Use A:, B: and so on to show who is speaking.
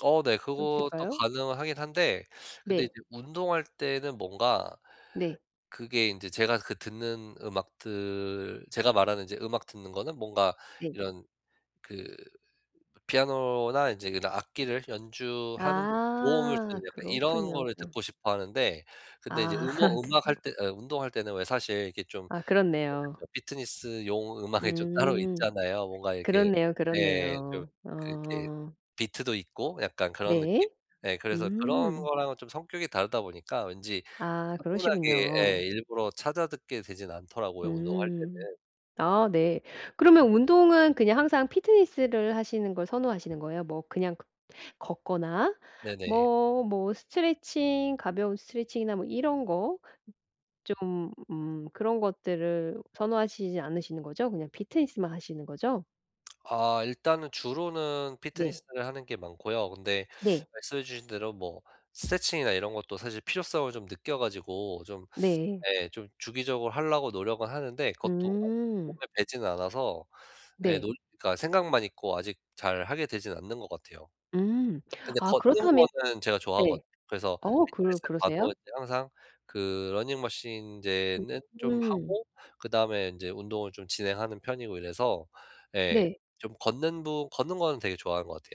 A: 어 네. 그것도
B: 어떠실까요?
A: 가능하긴 한데 근데 이제
B: 네.
A: 운동할 때는 뭔가
B: 네.
A: 그게 인제 제가 그 듣는 음악들 제가 말하는 인제 음악 듣는 거는 뭔가
B: 네.
A: 이런 그 피아노나 인제 그런 악기를 연주하는 도움을
B: 아.
A: 주는 약간 이런
B: 그렇군요.
A: 거를 듣고 싶어 하는데 근데 이제
B: 아.
A: 음어 음악 할
B: 그렇구
A: 때 어 운동할 때는 왜 사실 이렇게 좀
B: 아.
A: 그게
B: 그렇네요.
A: 좀 피트니스용 음악이 좀 따로
B: 음.
A: 있잖아요. 뭔가 이렇게
B: 그렇네요,
A: 네. 좀
B: 그렇네요.
A: 그 이렇게
B: 어.
A: 비트도 있고 약간 그런 느낌?
B: 네.
A: 네 그래서 그런
B: 음.
A: 거랑은 좀 성격이 다르다 보니까 왠지
B: 아
A: 차분하게 예.
B: 그러시군요.
A: 일부러 찾아 듣게 되진 않더라고요 운동할
B: 음.
A: 때는.
B: 아 네. 그러면 운동은 그냥 항상 피트니스를 하시는 걸 선호하시는 거예요? 뭐 그냥 걷 걷거나
A: 네네.
B: 뭐 뭐 스트레칭 가벼운 스트레칭이나 뭐 이런 거 좀 음 그런 것들을 선호하시지 않으시는 거죠? 그냥 피트니스만 하시는 거죠?
A: 아. 일단은 주로는
B: 네.
A: 피트니스를 하는 게 많고요. 근데
B: 네.
A: 말씀해 주신 대로 뭐 스트레칭이나 이런 것도 사실 필요성을 좀 느껴 가지고 좀
B: 네.
A: 예. 좀 주기적으로 하려고 노력은 하는데 그것도 아직 몸에
B: 음.
A: 배지는 않아서 예.
B: 네.
A: 논 그러니까 생각만 있고 아직 잘하게 되지는 않는 것 같아요.
B: 음.
A: 근데
B: 아
A: 걷는
B: 그렇다면
A: 거는 제가
B: 예.
A: 좋아하거든. 그래서
B: 어 그럴
A: 피트니스에 가도
B: 그러세요?
A: 이제 항상 그 러닝머신 인제는 좀
B: 음.
A: 하고 그다음에 인제 운동을 좀 진행하는 편이고 이래서 예.
B: 네.
A: 좀 걷는 부 걷는 거는 되게 좋아하는 것 같아요.